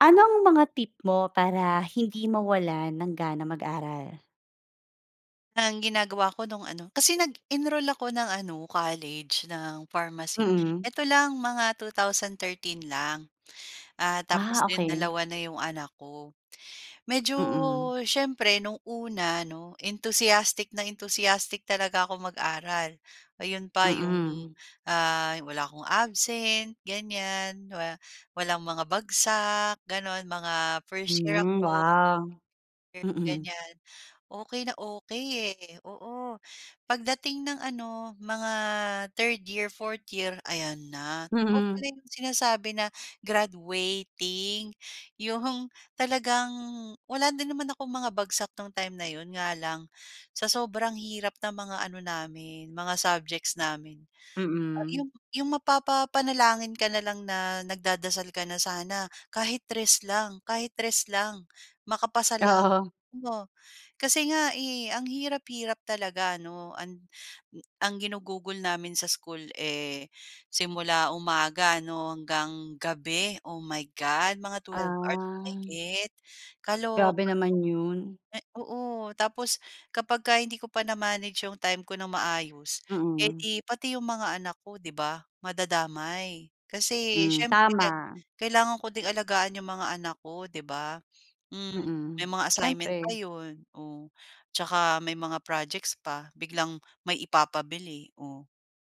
Anong mga tip mo para hindi mawalan ng gana mag-aral? Ang ginagawa ko no'ng ano, kasi nag-enroll ako ng ano, college ng pharmacy. Mm. Eto, lang mga 2013 lang. Ah, tapos Ah, 'yon okey. dalawa na 'yong anak ko. Medyo Mm. siyempre no'ng una 'no entusiastic na entusiastic talaga ako mag-aral. 'Yon pa 'yong, Mm. ah, wala akong absent ganyan. Wa walang mga bagsak gano'n, mga 1st year Mm, ako. wow. Mm. Ganyan, okey na okey, eh. Oo, pagdating ng ano mga 3rd year, 4th year, ayan na, totoo Mhm. pala 'yong sinasabi na graduating. 'Yong talagang wala din naman akong mga bagsak nung time na 'yon, nga lang sa sobrang hirap ng mga ano namin mga subjects namin. Mm. 'Yong 'yong mapapapanalangin ka na lang na nagdadasal ka na, "Sana kahit 3 lang, kahit 3 lang, makapasa lang." Oo. Oo, kasi, eh, nga ang hirap-hirap talaga ano, an ang ginugugol namin sa school, eh, simula umaga 'no, hanggang gabi, oh my God! Mga 12 hours Ah. mahigit, Grabe kaloka, naman 'yon. oo. Tapos kapagka hindi ko pa na-manage 'yong time ko ng maayos eh, Mm. 'di pati 'yong mga anak ko 'di ba madadamay. Kasi, Mm, siyempre tama. kailangan ko ding alagaan 'yong mga anak ko, 'di ba, hmm. Mm, May mga assignment pa siyempre. 'yon, oh. 'Tsaka may mga projects pa, biglang may ipapabili, oh,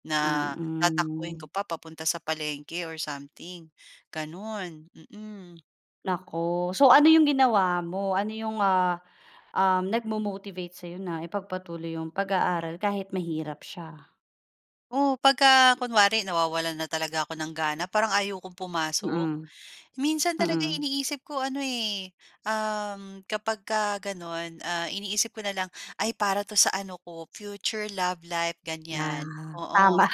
na tatakbuhin Mm. ko pa papunta sa palengke or something, gano'n, mm. Naku, so ano yung ginawa mo? Ano yung ah, um, nagmo-motivate sa'yo na ipagpatuloy yung pag-aaral kahit mahirap siya? O, 'pagka kunwari nawawalan na talaga ako ng gana, parang ayaw kong pumasok. Mm, Minsan talaga mm. iniisip ko ano, eh, uhm, kapagka gano'n, ah, iniisip ko na lang, "Ay, para 'to sa ano ko, future love life," ganyan. Ah, Oo. tama.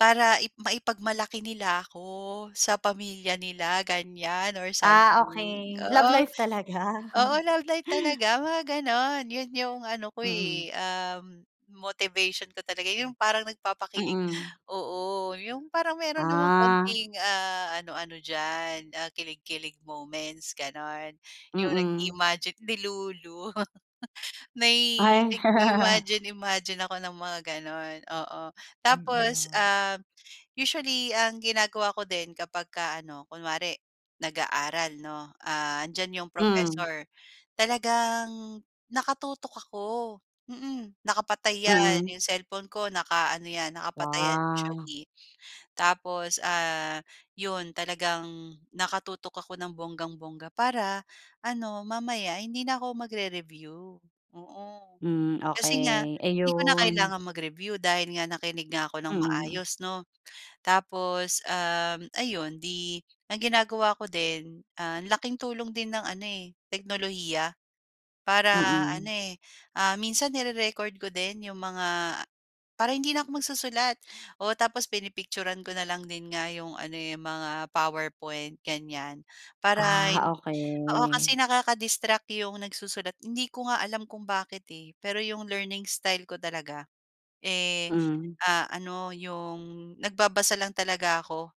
Para i maipagmalaki nila ako, sa pamilya nila ganyan or Ah, something, okey. Love oo. life, talaga. Oo, love life talaga, mga gano'n 'Yon 'yung ano ko, Mm. eh, ah, motivation ko talaga, 'yong parang nagpapakilig Mm. oo. 'Yong parang meron namang Ah. konting, ah, ano ano diyan, ah, kilig-kilig moments, gano'n. 'Yong Mm. nag-i-imagine delulu. May Ay. nag-i-imagine imagine ako ng mga ganun, oo. Tapos, Mm. ah, usually ang ginagawa ko din kapagka ano kunwari nag-aaral, 'no, ah, 'andiyan yung Hmm. professor, talagang nakatutok ako, mm. Nakapatay 'yan, Mm. 'yong cellphone ko na ano 'yan, nakapatay 'yan Wah. usually. Tapos, ah, 'yon talagang nakatutok ako ng bonggang-bongga para ano, mamaya hindi na ako magre-review. Oo. Hmm, Kasi nga, okey. 'di ko na Ayun. kailangan mag-review dahil nga nakinig nga ako ng Mm. maayos ,'no. Tapos, ah, ayun, di ang ginagawa ko din, ah, laking tulong din ng ano, eh, teknolohiya, para ano Mm. eh, ah, minsan nire-record ko din 'yong mga para hindi na ako magsusulat. Oo. Tapos pinipicturan ko na lang din nga 'yong ano, eh, 'yong mga PowerPoint ganyan, para Ah, hin oo kasi okey. nakaka-distract 'yong nagsusulat hindi ko nga alam kung bakit, eh, pero 'yong learning style ko talaga, eh, Hmm. ah, ano 'yong nagbabasa lang talaga ako.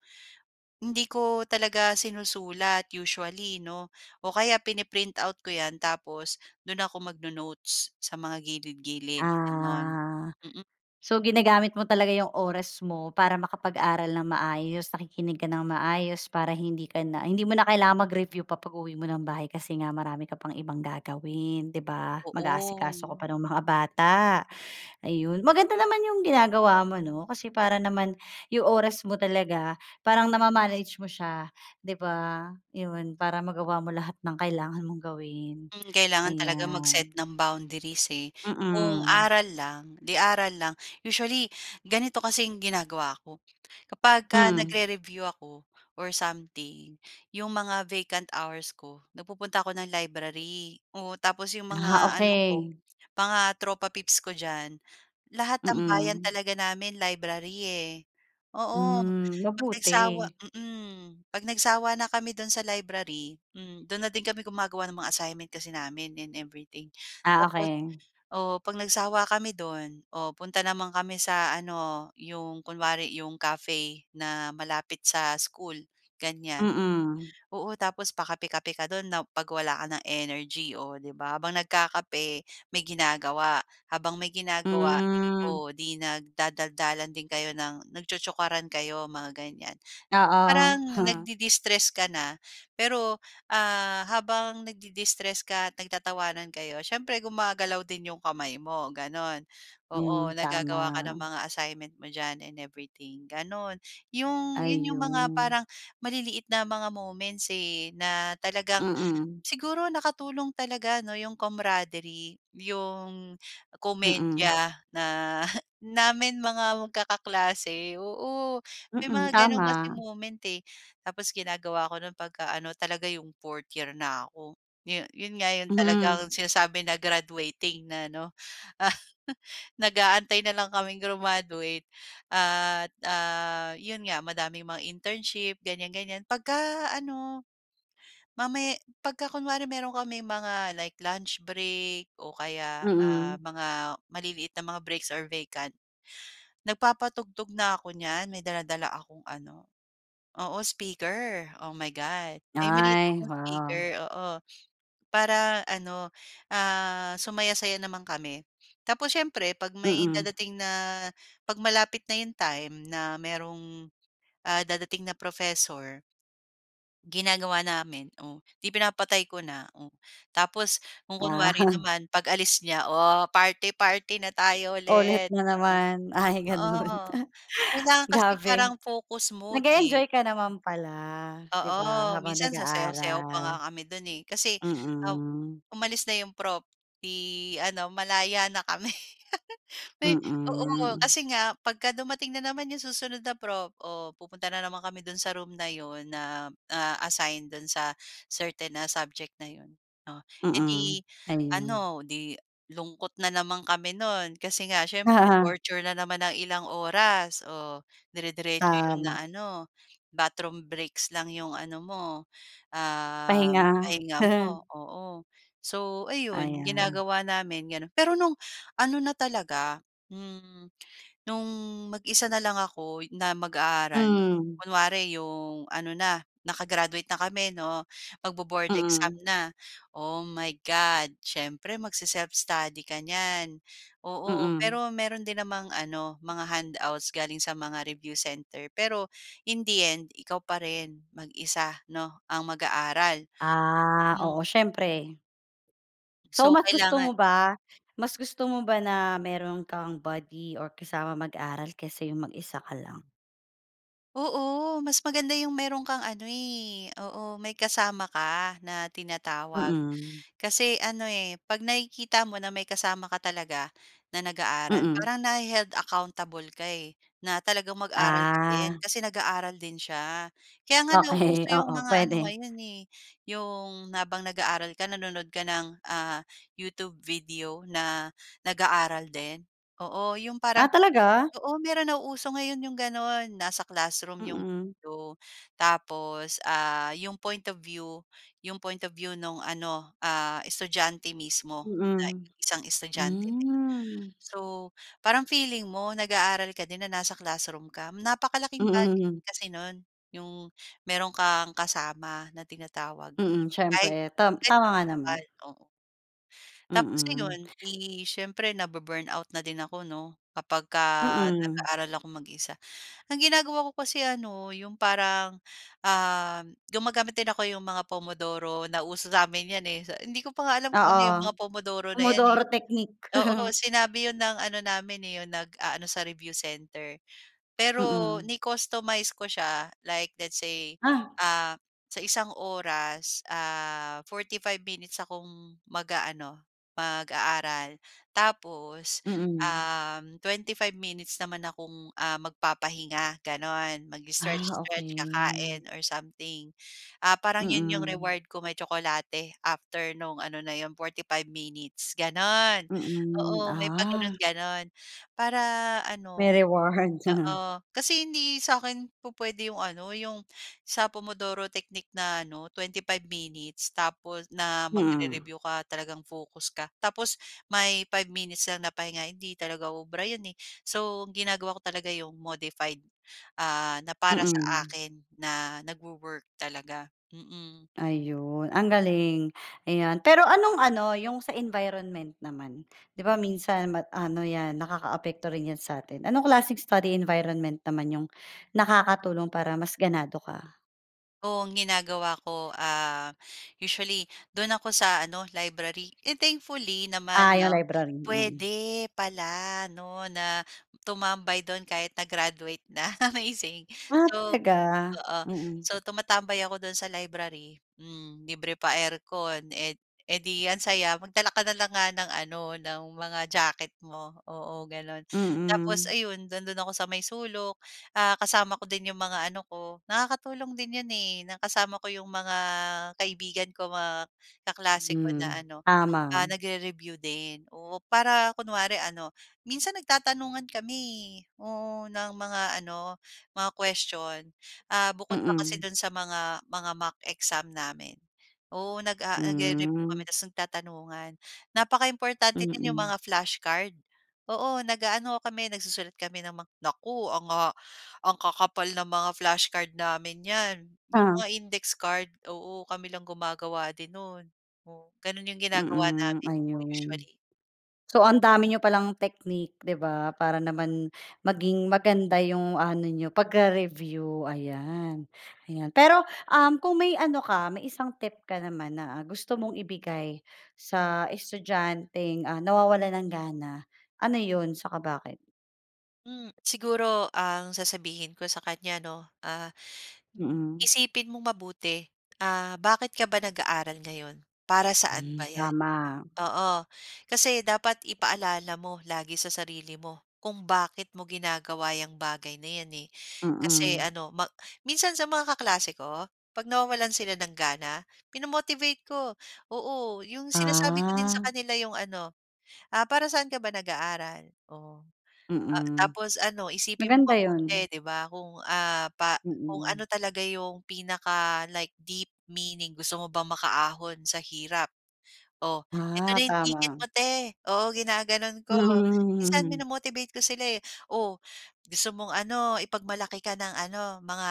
Hindi ko talaga sinusulat usually, 'no, o kaya pini-print out ko 'yan tapos do'n ako magno-notes sa mga gilid-gilid, gano'n. Ah. Mm. So ginagamit mo talaga 'yong oras mo para makapag-aral ng maayos, nakikinig ka ng maayos, para hindi ka na hindi mo na kailangan mag-review pa 'pag uwi mo ng bahay kasi nga marami ka pang ibang gagawin, 'di ba? Mag-aasikaso ka Oo. pa ng mga bata, ayun. Maganda naman 'yong ginagawa mo, 'no, kasi para naman 'yong oras mo talaga, parang nama-manage mo siya, 'di ba? 'Yon, para magawa mo lahat ng kailangan mong gawin, Hmm, kailangan talaga mag-set ayan. ng boundaries, eh, kung Mm. aral lang, 'di aral lang. Usually, ganito kasi yung ginagawa ko, kapagka Hmm. nagre-review ako or something, 'yong mga vacant hours ko nagpupunta ako ng library, oo. Tapos 'yong Ah, mga ano ko okey. mga tropa pips ko diyan, lahat tambayan Mm. talaga namin library, eh, oo. Hmm, 'Pag nagsawa mabuti. mm. 'Pag nagsawa na kami do'n sa library, hmm, do'n na din kami gumagawa ng mga assignment kasi namin and everything. Ah, Tapos, okey. oh, 'pag nagsawa kami do'n, oh, punta naman kami sa ano, 'yong kunwari 'yong cafe na malapit sa school, ganyan. Mm. Oo, tapos pakape-kape ka do'n na 'pag wala ka ng energy, oh, 'di ba? Habang nagkakape, may ginagawa, habang may ginagawa, Hmm. o 'di nagdadaldalan din kayo ng nagtsotsokaran kayo, mga ganyan. Oo. Parang nagde-destress ka na, pero ah, habang nagde-destress ka at nagtatawanan kayo, siyempre gumagalaw din 'yong kamay mo, gano'n. Oo, Hmm, naggagawa ka ng tama. mga assignment mo diyan and everything, gano'n. 'Yong 'yun 'yong mga Ayun. parang maliliit na mga moments, eh, na talagang Mm. siguro nakatulong talaga ano 'yong camaraderie, 'yong Mm. komedya na namin mga magkakaklase, oo. May mga Mm, gano'n kasi tama. moment, eh, tapos ginagawa ko no'n 'pagka ano talaga 'yong fourth year na ako, 'yon 'yon nga 'yon Mhm. talagang sinasabi na graduating na 'no. Nag-aantay na lang kaming grumaduate at, ah, yun nga, madaming mga internship ganyan ganyan. 'Pagka ano, mamaya 'pagka kunwari meron kaming mga like luch break o kaya, ah, Mm. mga maliliit na mga breaks or vacant, nagpapatugtog na ako niyan, may dala-dala akong ano oo, speaker, oh my God. May maliit Ay, akong wow. speaker, oo, para ano ah, sumaya-saya naman kami. Tapos siyempre 'pag may Mm. dadating na 'pag malapit na 'yong time na mayroong, ah, dadating na professor Ginagawa namin, oh, 'di pinapatay ko na. Oh, tapos kung Ah. kunwari naman, pag-alis niya, oh, party-party na tayo Ulit ulit, na oo. naman. Ay ganun. Oo, kailangan kasi parang Grabe. focus mode, eh. Nag-e-enjoy ka naman pala, Hmm. 'di Oo, ba, habang minsan sasayaw-sayaw pa nga nag-aaral. kami do'n, eh. Kasi, um, Mm. umalis na 'yong prof 'di ano malaya na kami, uy, oo. Mm. Kasi nga 'pagka dumating na naman 'yong susunod na prof, o pupunta na naman kami do'n sa room na 'yon na, ah, assign do'n sa certain na subject na 'yon. Oh, eh, 'di Mm, ayun. ano, 'di lungkot na naman kami no'n kasi nga siyempre Oo. torture na naman ng ilang oras oh, dire-diretso 'yon Tama. na ano, bathroom breaks lang 'yong ano mo, ah, Pahinga. pahinga mo, oo. So, ayun Ayan. ginagawa namin gano'n. Pero no'ng ano na talaga, hmm, no'ng mag-isa na lang ako na mag-aaral, Mhm. kunwari 'yong ano na naka-graduate na kami 'no, magbo-board exam Mm. na. Oh my God, siyempre magse-self-study ka niyan. Oo, Mm. pero meron din namang ano mga handouts galing sa mga review center. Pero in the end, ikaw pa rin mag-isa 'no, ang mag-aaral, Ah, oo hmm. siyempre. So So, mas gusto mo kailangan. ba mas gusto mo ba na meron kang buddy or kasama mag-aral kaysa yung mag-isa ka lang? Oo, mas maganda yung mayro'n kang ano eh, oo, may kasama ka na tinatawag. Mm. Kasi ano, eh, 'pag nakikita mo na may kasama ka talaga na nag-aaral, Mm. parang nahe-held accountable ka eh, na talagang mag-aral ka din Ah. kasi nag-aaral din siya. Kaya nga Okey, nauuso yung oo, mga ano puwede. ngayon eh, yung, habang nag-aaral ka, nanonood ka ng, ah, YouTube video, na nag-aaral din. Oo, yung Ah, parang talaga? oo mayro'n nauuso ngayon yung gano'n nasa classroom yung Mm. video, tapos, ah, yung point of view yung point of view no'ng ano, ah, estudyante mismo, na Mm, isang estudyante. hmm. So, parang feeling mo nag-aaral ka din na nasa classroom ka. Napakalaking bagay Mm. kasi nun yung meron kang kasama na tinatawag. Mm, Ay, eh, siyempre. Tam tama nga naman. [unintelligible] oo. Tapos Mm. ayon, 'di siyempre nabu-burnout na din ako 'no, kapagka Mm. nag-aaral akong mag-isa. Ang ginagawa ko kasi ano yung parang ah, gumagamit din ako yung mga Pomodoro- nauso sa amin 'yan, eh. So, hindi ko pa nga alam kung ano yung Oo, mga Pomodoro na 'yan, eh. Pomodoro technique. Oo, sinabi 'yon ng ano namin eh, yun nag-aano sa review center. Pero Mm. ni-customize ko siya like let's say Ah. ah, sa isang oras, ah, 45 minutes akong mag-aano, mag-aaral. Tapos, Mm. um, 25 minutes naman akong ah, magpapahinga gano'n, Ah, mag-stretch stretch, okey. kakain or something. Ah, parang 'yon yung Mm. reward ko, may tsokolate after nung ano na 'yon, 45 minutes, gano'n. Mm, Oo, may ah. pa-ganun ganun para May ano reward. oo, kasi hindi sa'kin pupuwede yung ano, yung sa Pomodoro technique na ano 25 minutes, tapos, na Mm. magre-review ka talagang focus ka, tapos may 5 minutes lang na pahinga, hindi talaga uubra 'yon eh. So, ginagawa ko talaga yung modified ah, na para sa Mm. akin, na nagwo-work talaga, mm. Ayun ang galing, ayan. Pero anong ano, yung sa environment naman, 'di ba, minsan ma ano 'yan, nakakaapekto rin 'yan sa atin. Anong klaseng study environment naman yung nakakatulong para mas ganado ka? O, ang ginagawa ko, ah, usually do'n ako sa ano, library. Eh, thankfully Ah, naman yung 'no, library, mm. puwede pala 'no na, tumambay do'n kahit na graduate na, amazing. Ah, So, talaga? oo. Mm. So, tumatambay ako do'n sa library, hmm, libre pa aircon, eh, eh di ang saya. Magdala ka na lang nga ng ano, ng mga jacket mo, oo, gano'n. Tapos Mm. ayun, nando'n ako sa may sulok, ah, kasama ko din 'yong mga ano ko, nakakatulong din 'yon eh, na kasama ko 'yong mga kaibigan ko, mga kaklase ko na Mm, ano, ah, tama. nagre-review din, oo. Para kunwari ano, minsan nagtatanungan kami, eh. Oo, ng mga ano, mga question, ah, bukod pa kasi Mm. do'n sa mga, mga mock exam namin, oo, nag-a-a nagre-review kami Mm. tapos nagtatanungan. Napaka-importante din 'yong Mm. mga flashcard, oo, nag-aano kami, nagsusulat kami ng mga naku ang ha ang kakapal ng mga flashcard namin niyan, 'yong Ta mga index card. Oo, kami lang gumagawa din no'n. Oo, gano'n 'yong ginagawa Mm, namin, oo, ayun. usually. So, ang dami niyo pa lang technique, 'di ba? Para naman maging maganda yung ano n'yo, pagre-review, ayan. Ayan pero, um, kung may ano ka, may isang tip ka naman na gusto mong ibigay sa estudyanteng, ah, nawawalan ng gana, ano 'yon? Saka bakit? Hmm, siguro ang sasabihin ko sa kanya 'no, ah, Mm. isipin mong mabuti, ah, bakit ka ba nag-aaral ngayon? Para saan Hmm, ba 'yan? tama. Oo, kasi dapat ipaalala mo lagi sa sarili mo kung bakit mo ginagawa 'yang bagay na 'yan eh. Kasi Mm. ano ma minsan sa mga kaklase ko, 'pag nawawalan sila ng gana, minomotivate ko. Oo, 'yong sinasabi ko din sa Ah. kanila 'yong ano, "Ah, para sa'n ka ba nag-aaral?" Oh, ah, Mm. tapos ano, isipin mong Maganda mabuti, 'yon. 'di ba, kung ah, pa kung Mm. ano talaga yung pinaka, like deep meaning. Gusto mo bang makaahon sa hirap? "O, Eto Ah, na 'yong ticket tama. mo 'te." Oo ginaganon ko, minsan mino-motivate ko sila eh, "O, gusto mong ano, ipagmalaki ka ng ano, mga,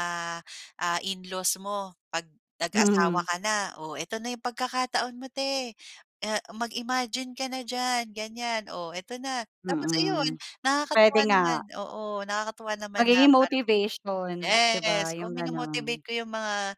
ah, in-laws mo 'pag nag-asawa ka na? Oh, eto na 'yong pagkakataon mo 'te. Ah, mag-imagine ka na diyan." Ganyan, "o, eto na." Tapos ayun Mm. Pwede nakakatuwa nga. naman, oo, nakakatuwa naman na Magiging parang. motivation, 'di Yes, ba? oo 'Yong minomotivate gano'n. ko 'yong mga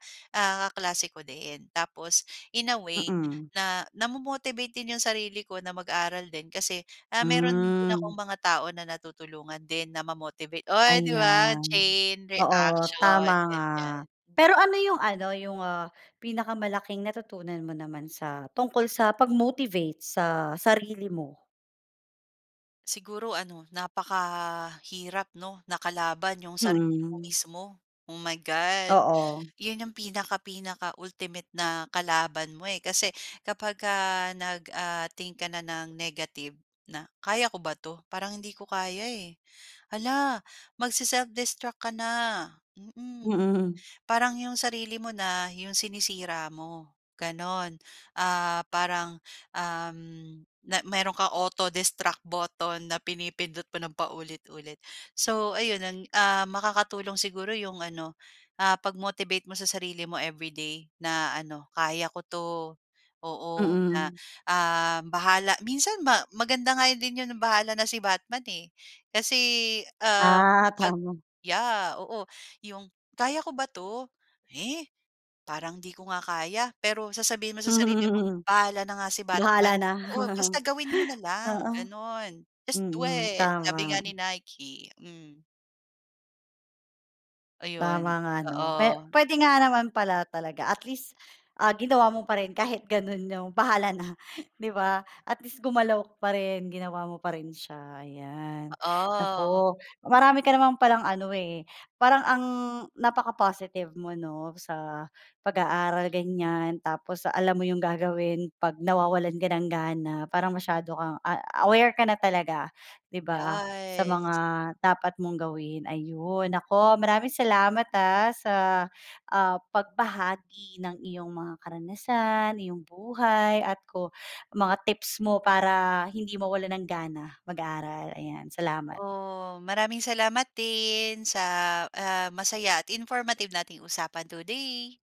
kaklase ko din, tapos in a way Mm. na, namo-motivate din 'yong sarili ko na mag-aral din. Kasi, ah meron din akong Hmm. mga tao na natutulungan din na ma-motivate, o 'di ba Ayan, chain oo reaction, tama nga. ganyan. Pero ano yung ano, yung ah, pinakamalaking natutunan mo naman sa, tungkol sa pag-motivate sa sarili mo? Siguro ano napakahirap 'no na kalaban yung sarili mo Mhm. mismo. Oh my God! Oo. 'Yon yung pinaka-pinaka ultimate na kalaban mo, eh kasi kapagka, ah nag, ah, think ka na ng negative na, "Kaya ko ba 'to? Parang hindi ko kaya, eh". Hala! magse-self-destruct ka na. Mm, Mhm. parang yung sarili mo na, yung sinisira mo, gano'n. Ah, parang, uhm, na meron kang auto-destruct botton na pinipindot mo ng paulit-ulit. So, ayun ang ah, makakatulong siguro yung ano, ah, pag-motivate mo sa sarili mo everyday na ano, "kaya ko 'to". Oo, na, Mhm. ah, bahala minsan ma maganda nga din 'yon bahala na si Batman, eh. Kasi, ah, Ah, pag tama. yeah! Oo, yung, "Kaya ko ba 'to? Eh, parang 'di ko nga kaya" pero sasabihin mo sa sarili mo, Hmm, "bahala na nga si bahala Batman, na, oo basta gawin mo na lang" oo. gano'n. "Just do Mm, it!" tama. Sabi nga ni Nike, hmm. Tama Ayun, nga 'no, pwe oo. pwede nga naman pala talaga at least, ah ginawa mo pa rin kahit gano'n yung bahala na 'di ba? At least gumalaw ka pa rin, ginawa mo pa rin siya, ayan. Oo. Naku marami ka naman palang ano, eh, parang ang napaka-positive mo 'no, sa pag-aaral ganyan, tapos alam mo yung gagawin 'pag nawawalan ka ng gana, parang masyado kang a aware ka na talaga di ba, sa mga Yes. dapat mong gawin. Ayun! Naku, maraming salamat, ah sa, ah pagbahagi ng iyong mga karanasan, iyong buhay at ko mga tips mo para hindi mawalan ng gana mag-aaral, ayan, salamat. Oh, maraming salamat din sa, ah masaya at informative nating usapan today!